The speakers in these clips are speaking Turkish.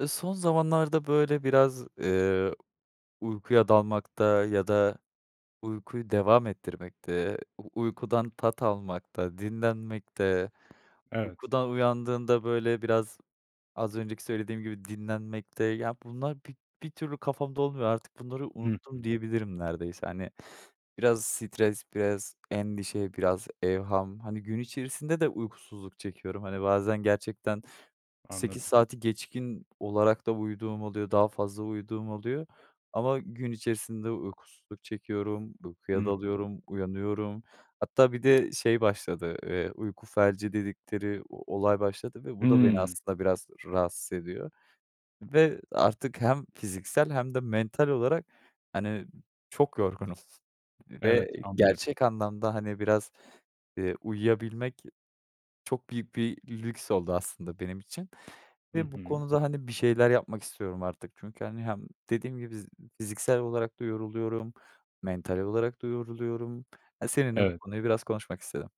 Eee, son zamanlarda, böyle, biraz, eee, uykuya dalmakta ya da uykuyu devam ettirmekte, u uykudan tat almakta, dinlenmekte, Evet. uykudan uyandığında, böyle, biraz, az önceki söylediğim gibi dinlenmekte ya, bunlar bir bir türlü kafamda olmuyor artık bunları Hı unuttum hı. diyebilirim neredeyse, hani. Biraz stres, biraz endişe, biraz evham... Hani, gün içerisinde de uykusuzluk çekiyorum. Hani, bazen gerçekten 8 Anladım. saati geçkin olarak da uyuduğum oluyor. Daha fazla uyuduğum oluyor. Ama gün içerisinde uykusuzluk çekiyorum, uykuya Hı hı. dalıyorum, uyanıyorum. Hatta bir de şey başladı, ııı, "uyku felci" dedikleri o olay başladı ve bu da beni Hımm. aslında biraz rahatsız ediyor ve artık hem fiziksel hem de mental olarak, hani, çok yorgunum ve Evet, anlıyorum. gerçek anlamda, hani, biraz, eee, uyuyabilmek çok büyük bir lüks oldu aslında benim için Hı ve bu hı. konuda, hani, bir şeyler yapmak istiyorum artık. Çünkü, hani, hem dediğim gibi: "Z fiziksel olarak da yoruluyorum, mental olarak da yoruluyorum." E, seninle bu Evet. konuyu biraz konuşmak istedim.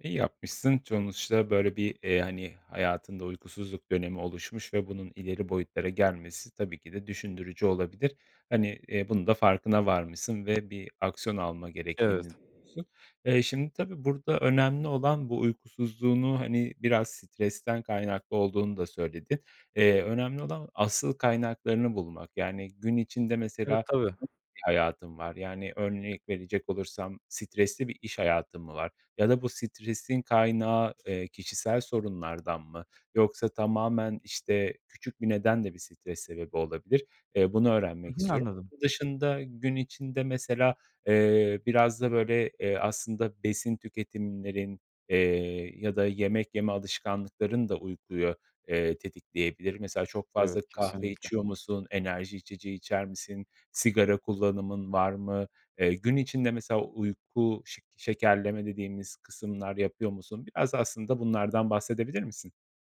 İyi yapmışsın. Sonuçta böyle, bir, eee, hani, hayatında uykusuzluk dönemi oluşmuş ve bunun ileri boyutlara gelmesi tabii ki de düşündürücü olabilir. Hani, eee, bunun da farkına varmışsın ve bir aksiyon alma gerektiğini. Evet. [unintelligible] Eee, şimdi, tabii, burada önemli olan bu uykusuzluğunu, hani, biraz stresten kaynaklı olduğunu da söyledin. Eee, önemli olan asıl kaynaklarını bulmak, yani, gün içinde Evet, mesela, tabii. [unintelligible] bir hayatın var. Yani, örnek verecek olursam: Stresli bir iş hayatın mı var? Ya da bu stresin kaynağı, eee, kişisel sorunlardan mı? Yoksa tamamen, işte, küçük bir neden de bir stres sebebi olabilir, eee, bunu Hı öğrenmek hı. istiyorum. Anladım. Bunun dışında gün içinde mesela, eee, biraz da, böyle, eee, aslında besin tüketimlerin, eee, ya da yemek yeme alışkanlıkların da uykuyu, eee, tetikleyebilir. Mesela çok Evet, fazla kahve kesinlikle. içiyor musun, enerji içeceği içer misin, sigara kullanımın var mı, eee, gün içinde mesela uyku şek şekerleme dediğimiz kısımlar yapıyor musun? Biraz da aslında bunlardan bahsedebilir misin?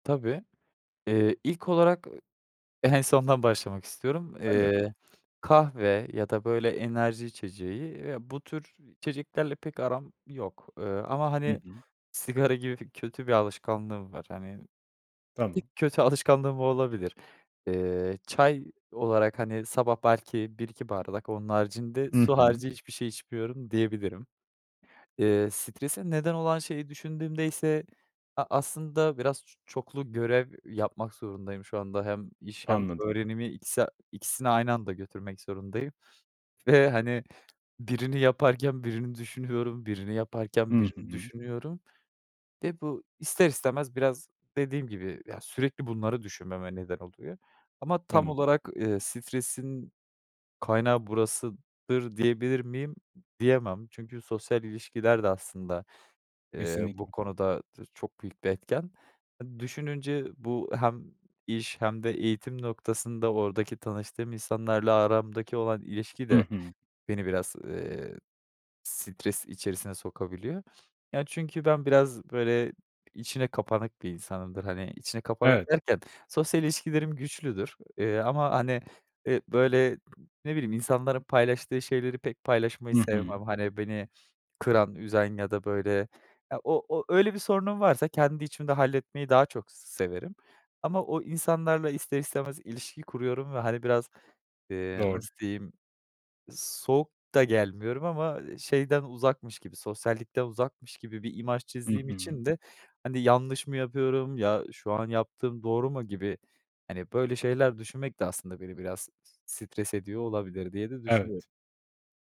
Tabii. Eee, ilk olarak, ııı, en sondan başlamak istiyorum. [unintelligible] Eee, kahve ya da, böyle, enerji içeceği, eee, bu tür içeceklerle pek aram yok, eee, ama, Hı hani, hı. sigara gibi kötü bir alışkanlığım var. Hani, tek Tamam. kötü alışkanlığım o olabilir. Eee, çay olarak, hani, sabah belki 1-2 bardak. Onun haricinde Hı su hı. harici hiçbir şey içmiyorum diyebilirim. Eee, strese neden olan şeyi düşündüğümde ise a aslında biraz ç çoklu görev, eee, yapmak zorundayım şu anda hem iş hem Anladım. öğrenimi ikisi a ikisini aynı anda götürmek zorundayım. Ve, hani, birini yaparken birini düşünüyorum, birini yaparken Hı birini hı. düşünüyorum ve bu, ister istemez, biraz dediğim gibi, ya, sürekli bunları düşünmeme neden oluyor. Ama tam Tamam. olarak, eee, stresin kaynağı burasıdır diyebilir miyim? M diyemem. Çünkü sosyal ilişkiler de aslında, eee, bu Kesinlikle. konuda dır çok büyük bir etken. Düşününce bu hem iş hem de eğitim noktasında oradaki tanıştığım insanlarla aramdaki olan ilişki Hı de hı. beni biraz, eee, stres içerisine sokabiliyor. Yani, çünkü ben biraz, böyle, içine kapanık bir insanımdır. Hani, içine kapanık Evet. derken sosyal ilişkilerim güçlüdür. Eee, ama, hani, eee, böyle, ne bileyim insanların paylaştığı şeyleri pek paylaşmayı Hı hı. sevmem. Hani, beni kıran, üzen ya da, böyle, ya, o o öyle, bir sorunum varsa kendi içimde halletmeyi daha çok s severim ama o insanlarla ister istemez ilişki kuruyorum ve, hani, biraz, eee, Doğru. nasıl diyeyim? Soğuk da gelmiyorum ama, eee, şeyden uzakmış gibi, sosyallikten uzakmış gibi bir imaj I çizdiğim hı. için de, hani, "Yanlış mı yapıyorum? Ya şu an yaptığım doğru mu?" gibi, hani, böyle şeyler düşünmek de aslında beni biraz s stres ediyor olabilir diye de Evet. düşünüyorum.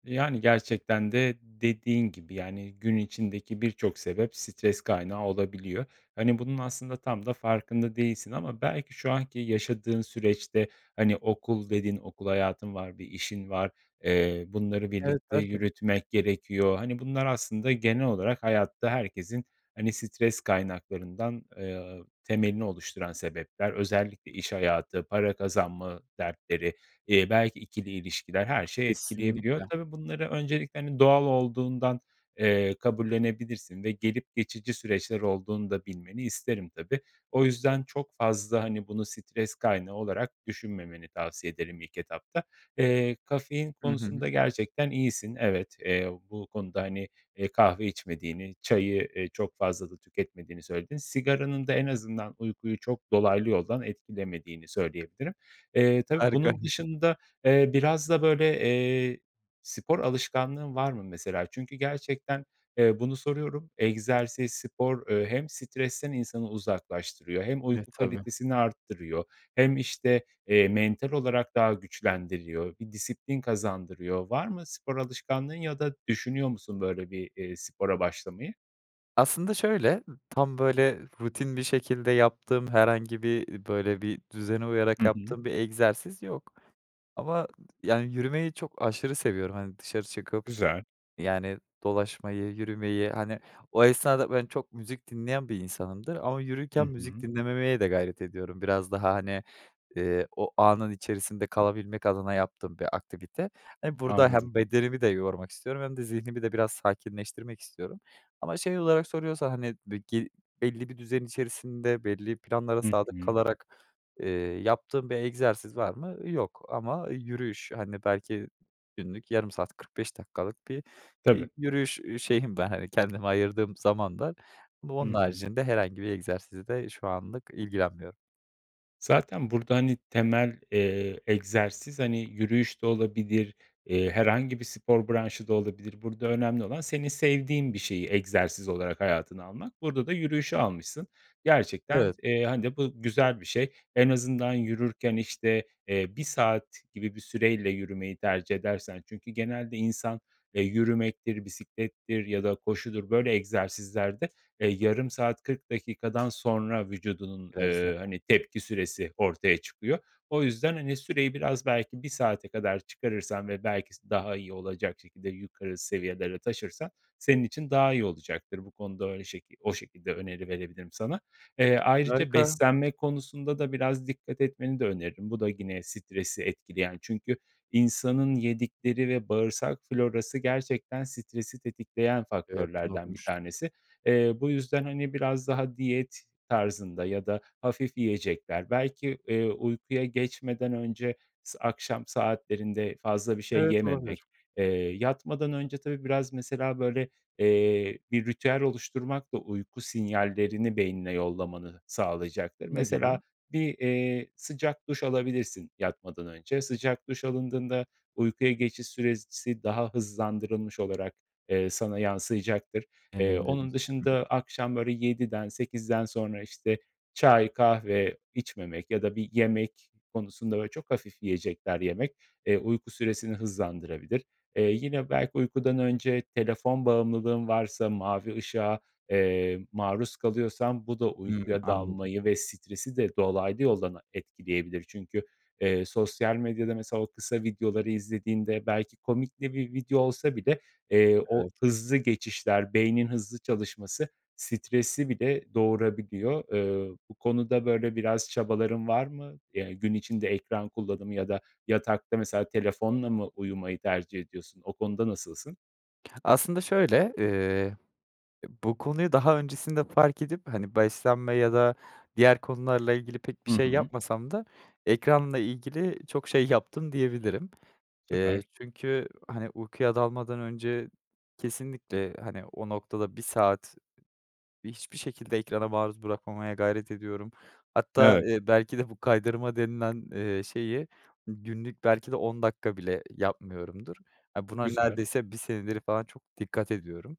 Yani, gerçekten de dediğin gibi, yani, gün içindeki birçok sebep stres kaynağı olabiliyor. Hani, bunun aslında tam da farkında değilsin ama belki şu anki yaşadığın süreçte, hani, "Okul." dedin, okul hayatın var, bir işin var, eee, bunları Evet. birlikte Belki de. yürütmek gerekiyor. Hani, bunlar aslında genel olarak hayatta herkesin, hani, stres kaynaklarından, eee, temelini oluşturan sebepler. Özellikle iş hayatı, para kazanma dertleri, eee, belki 2'li ilişkiler, her şey etkileyebiliyor. Kesinlikle. Tabii, bunları öncelikle, hani, doğal olduğundan, eee, kabullenebilirsin ve gelip geçici süreçler olduğunu da bilmeni isterim tabii. O yüzden çok fazla, hani, bunu stres kaynağı olarak düşünmemeni tavsiye ederim ilk etapta. Eee, kafein Hı hı. konusunda gerçekten iyisin. Evet, eee, bu konuda, hani, eee, kahve içmediğini, çayı, eee, çok fazla da tüketmediğini söyledin. Sigaranın da en azından uykuyu çok dolaylı yoldan etkilemediğini söyleyebilirim. Eee, tabii, Harika. bunun dışında, eee, biraz da, böyle, eee, spor alışkanlığın var mı mesela? Çünkü gerçekten, eee, bunu soruyorum. Egzersiz, spor, eee, hem stresten insanı uzaklaştırıyor hem E, uyku tabii. kalitesini arttırıyor hem, işte, eee, mental olarak daha güçlendiriyor, bir disiplin kazandırıyor. Var mı spor alışkanlığın ya da düşünüyor musun, böyle, bir, eee, spora başlamayı? Aslında, şöyle, tam, böyle, rutin bir şekilde yaptığım herhangi bir ııı, böyle, bir düzene uyarak Hı hı. yaptığım bir egzersiz yok ama, yani, yürümeyi çok, aşırı seviyorum. Hani, dışarı çıkıp, Güzel. yani, dolaşmayı, yürümeyi, hani, o esnada ben çok müzik dinleyen bir insanımdır ama Hı yürürken müzik hı. dinlememeye de gayret ediyorum. Biraz daha, hani, eee, o anın içerisinde kalabilmek adına yaptığım bir aktivite. Eee, burada Anladım. hem bedenimi de yormak istiyorum hem de zihnimi de biraz sakinleştirmek istiyorum ama şey olarak soruyorsan, hani, be gi belli bir düzen içerisinde belli planlara Hı sadık hı. kalarak, eee, yaptığım bir egzersiz var mı? Yok. Ama yürüyüş, hani, belki günlük yarım saat 45 dakikalık bir, Tabii. eee, yürüyüş ü şeyim var. Hani, kendime ayırdığım zaman var ama onun Hı hı. haricinde herhangi bir egzersiz de şu anlık ilgilenmiyorum. Zaten burada, hani, temel, eee, egzersiz, hani, yürüyüş de olabilir, eee, herhangi bir spor branşı da olabilir. Burada önemli olan senin sevdiğin bir şeyi egzersiz olarak hayatına almak. Burada da yürüyüşü almışsın, gerçekten, Evet. eee, hani, bu güzel bir şey. En azından yürürken, işte, eee, 1 saat gibi bir süreyle yürümeyi tercih edersen, çünkü genelde insan, eee, yürümektir, bisiklettir ya da koşudur, böyle, egzersizlerde, eee, yarım saat, 40 dakikadan sonra vücudunun, Biraz da eee, hani, tepki süresi ortaya çıkıyor. O yüzden, hani, süreyi biraz belki 1 saate kadar çıkarırsan ve belki s daha iyi olacak şekilde yukarı seviyelere taşırsan senin için daha iyi olacaktır bu konuda öyle şeki o şekilde öneri verebilirim sana. Eee, ayrıca Harika. beslenme konusunda da biraz dikkat etmeni de öneririm, bu da yine stresi etkileyen, çünkü insanın yedikleri ve bağırsak florası gerçekten stresi tetikleyen Evet, bunu faktörlerden bir okumuştum. tanesi. Eee, bu yüzden, hani, biraz daha diyet tarzında ya da hafif yiyecekler, belki, eee, uykuya geçmeden önce s akşam saatlerinde fazla bir şey Evet, yememek, olabilir. eee, yatmadan önce, tabii, biraz, mesela, böyle, eee, bir ritüel oluşturmak da uyku sinyallerini beynine yollamanı sağlayacaktır. Ne gibi? Mesela, bir, eee, sıcak duş alabilirsin yatmadan önce. Sıcak duş alındığında uykuya geçiş süresi daha hızlandırılmış olarak, eee, sana yansıyacaktır. Eee, Deneyimledim. onun Hı hı. dışında akşam, böyle, 7'den 8'den sonra, işte, çay, kahve içmemek ya da bir yemek konusunda, böyle, çok hafif yiyecekler yemek, eee, uyku süresini hızlandırabilir. Eee, yine belki uykudan önce telefon bağımlılığın varsa, mavi ışığa, eee, maruz kalıyorsan bu da Hıı. uykuya Anladım. dalmayı ve stresi de dolaylı yoldan a etkileyebilir. Çünkü, eee, sosyal medyada, mesela, o kısa videoları izlediğinde belki komik de bir video olsa bile, eee, o Evet. hızlı geçişler, beynin hızlı çalışması stresi bile doğurabiliyor. Eee, bu konuda, böyle, biraz çabaların var mı? Ya, gün içinde ekran kullanımı ya da yatakta, mesela, telefonla mı uyumayı tercih ediyorsun? O konuda nasılsın? Aslında, şöyle, eee, eee, bu konuyu daha öncesinde fark edip, hani, beslenme ya da diğer konularla ilgili pek bir Hı şey hı. yapmasam da ekranla ilgili çok şey yaptım diyebilirim. Eee, Süper. çünkü, hani, uykuya dalmadan önce kesinlikle, hani, o noktada 1 saat hiçbir şekilde ekrana maruz bırakmamaya gayret ediyorum. Hatta, Evet. eee, belki de bu kaydırma denilen, eee, şeyi günlük belki de 10 dakika bile yapmıyorumdur. Ya, buna Güzel. neredeyse 1 senedir falan çok dikkat ediyorum.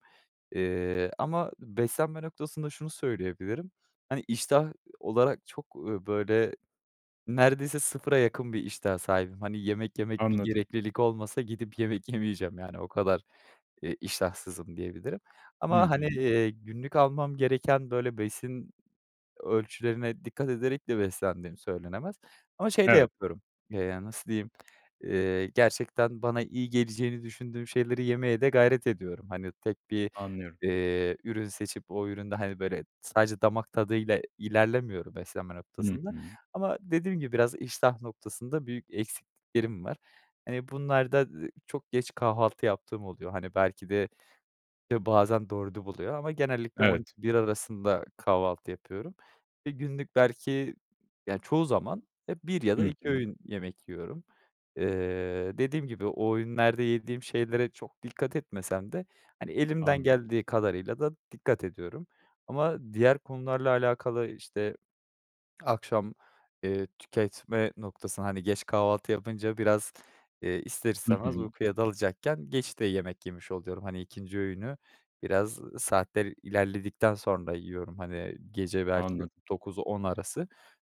Eee, ama beslenme noktasında şunu söyleyebilirim, hani, iştah olarak çok, eee, böyle, neredeyse 0'a yakın bir iştaha sahibim. Hani, yemek yemek bir Anladım. gereklilik olmasa gidip yemek yemeyeceğim. Yani, o kadar, eee, iştahsızımdiyebilirim. Hı Ama, hani, hı. eee, günlük almam gereken, böyle, besin ölçülerine dikkat ederek de beslendiğim söylenemez ama şey de Evet. yapıyorum. Eee, yani, nasıl diyeyim? Eee, gerçekten bana iyi geleceğini düşündüğüm şeyleri yemeye de gayret ediyorum. Hani, tek bir, Anlıyorum. eee, ürün seçip o üründe, hani, böyle, sadece damak tadıyla ilerlemiyorum beslenme Hı noktasında. hı. Ama dediğim gibi biraz iştah noktasında büyük eksikliklerim var. Eee, bunlar da, eee, çok geç kahvaltı yaptığım oluyor. Hani, belki de e, bazen 4'ü buluyor ama genellikle on Evet. iki bir arasında kahvaltı yapıyorum. Eee, günlük belki, ya, çoğu zaman ya 1 ya da Hı 2 hı. öğün yemek yiyorum. Eee, dediğim gibi o öğünlerde yediğim şeylere çok dikkat etmesem de, hani, elimden Anladım. geldiği kadarıyla da dikkat ediyorum ama diğer konularla alakalı, işte, akşam, eee, tüketme noktasına, hani, geç kahvaltı yapınca biraz, eee, ister Hı istemez hı. uykuya dalacakken geç de yemek yemiş oluyorum. Hani, 2'nci öğünü, biraz saatler ilerledikten sonra yiyorum. Hani, gece belki Anladım. 9-10 arası.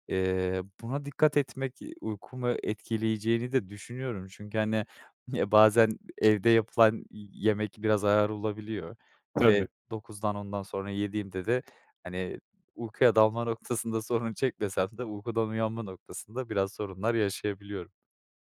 Eee, buna dikkat etmek, eee, uykumu etkileyeceğini de düşünüyorum. Çünkü, hani, ya bazen evde yapılan yemek biraz ağır olabiliyor Tabii. ve 9'dan 10'dan sonra yediğimde de, hani, uykuya dalma noktasında sorun çekmesem de uykudan uyanma noktasında biraz sorunlar yaşayabiliyorum.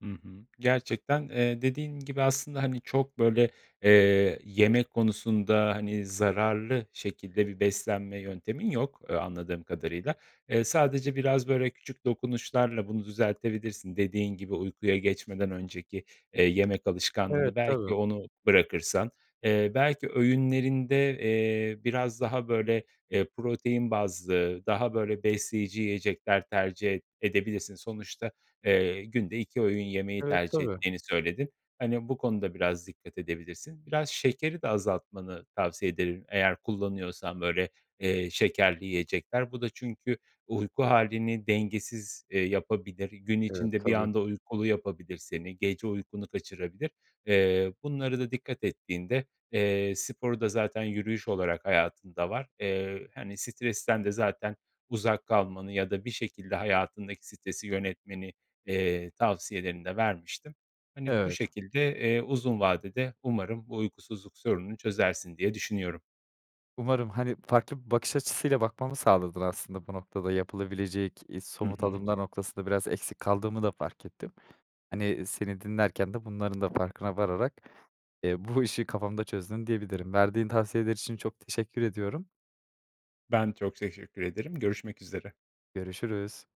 Hı hı. Gerçekten, eee, dediğin gibi aslında, hani, çok, böyle, eee, yemek konusunda, hani, zararlı şekilde bir beslenme yöntemin yok, eee, anladığım kadarıyla. Eee, sadece biraz, böyle, küçük dokunuşlarla bunu düzeltebilirsin. Dediğin gibi, uykuya geçmeden önceki, eee, yemek Evet, alışkanlığını, belki tabii. onu bırakırsan, eee, belki öğünlerinde, eee, biraz daha, böyle, eee, protein bazlı, daha, böyle, besleyici yiyecekler tercih ed edebilirsin. Sonuçta, eee, günde 2 öğün yemeği Evet, tercih tabii. ettiğini söyledin. Hani, bu konuda biraz dikkat edebilirsin. Biraz şekeri de azaltmanı tavsiye ederim eğer kullanıyorsan, böyle, eee, şekerli yiyecekler. Bu da çünkü uyku halini dengesiz, eee, yapabilir, gün Evet, içinde bir tabii. anda uykulu yapabilir seni, gece uykunu kaçırabilir. Eee, bunlara da dikkat ettiğinde, eee, sporu da zaten yürüyüş olarak hayatında var. Eee, hani, stresten de zaten uzak kalmanı ya da bir şekilde hayatındaki stresi yönetmeni, eee, tavsiyelerini de vermiştim. Hani, bu Evet. şekilde, eee, uzun vadede umarım bu uykusuzluk sorununu çözersin diye düşünüyorum. Umarım. Hani, farklı bir bakış açısıyla bakmamı sağladın aslında bu noktada yapılabilecek, eee, Hı somut hı. adımlar noktasında biraz eksik kaldığımı da fark ettim, hani, seni dinlerken de bunların da farkına vararak, eee, bu işi kafamda çözdüm, diyebilirim. Verdiğin tavsiyeler için çok teşekkür ediyorum. Ben çok teşekkür ederim. Görüşmek üzere. Görüşürüz.